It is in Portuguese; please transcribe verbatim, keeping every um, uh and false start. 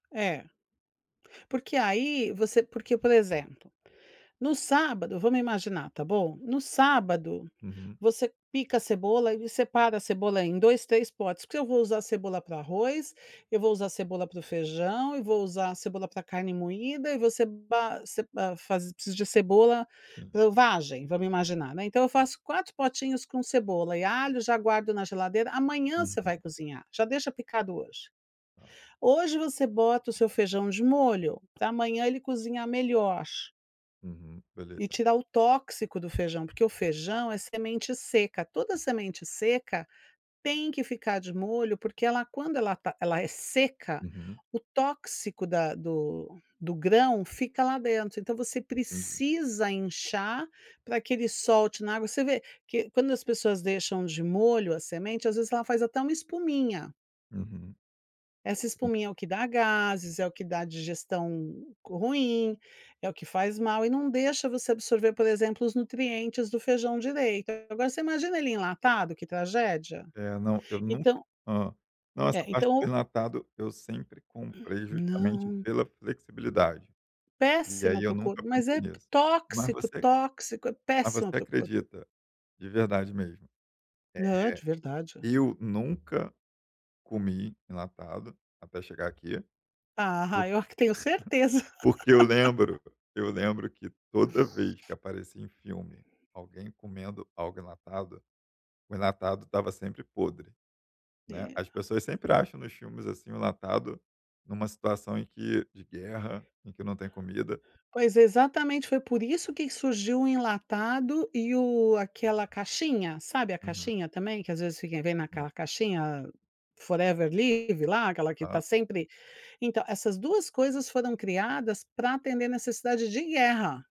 É. Porque aí você porque, por exemplo, no sábado, vamos imaginar, tá bom? No sábado, Uhum. você pica a cebola e separa a cebola em dois, três potes. Porque se eu vou usar cebola para o arroz, eu vou usar cebola para o feijão e vou usar a cebola pra carne moída e você ba você ba faz preciso de cebola Sim. para o vagem, vamos imaginar, né. Então eu faço quatro potinhos com cebola e alho, já guardo na geladeira. Amanhã você vai Uhum. cozinhar. Já deixa picado hoje. Tá. Hoje você bota o seu feijão de molho pra amanhã ele cozinhar melhor Uhum, e beleza. tirar o tóxico do feijão, porque o feijão é semente seca. Toda semente seca, tem que ficar de molho, porque ela quando ela está ela é seca, Uhum. o tóxico da do do grão fica lá dentro. Então você Entendi. precisa inchar para que ele solte na água. Você vê que quando as pessoas deixam de molho a semente, às vezes, ela faz até uma espuminha. Uhum. Essa espuminha é o que dá gases, é o que dá a digestão ruim, é o que faz mal e não deixa você absorver, por exemplo, os nutrientes do feijão direito. Agora você imagina ele enlatado, que tragédia? É, não. Eu nunca Então hã, não, essa É, parte de então enlatado, eu sempre comprei, justamente Não. pela flexibilidade. E Péssimo aí para eu o corpo. nunca Mas pensei é nisso. Mas tóxico, você tóxico. É mas péssimo você para o corpo. acredita, de verdade mesmo, Não, é de verdade. eh, eu nunca comi enlatado até chegar aqui. Ah, eu Porque acre eu tenho certeza. Porque eu lembro eu lembro que toda vez que aparecia em filme alguém comendo algo enlatado, o enlatado estava sempre podre, né. É. As pessoas sempre acham, nos filmes, assim, o enlatado em uma situação em que de guerra, em que não tem comida Pois, exatamente. Foi por isso que surgiu o enlatado e o aquela caixinha. Sabe, a Uhum. caixinha também que às vezes fica vem Sim. naquela caixinha: a Forever Living lá, aquela que Aham. está sempre então, essas duas coisas foram criadas para atender necessidade de guerra.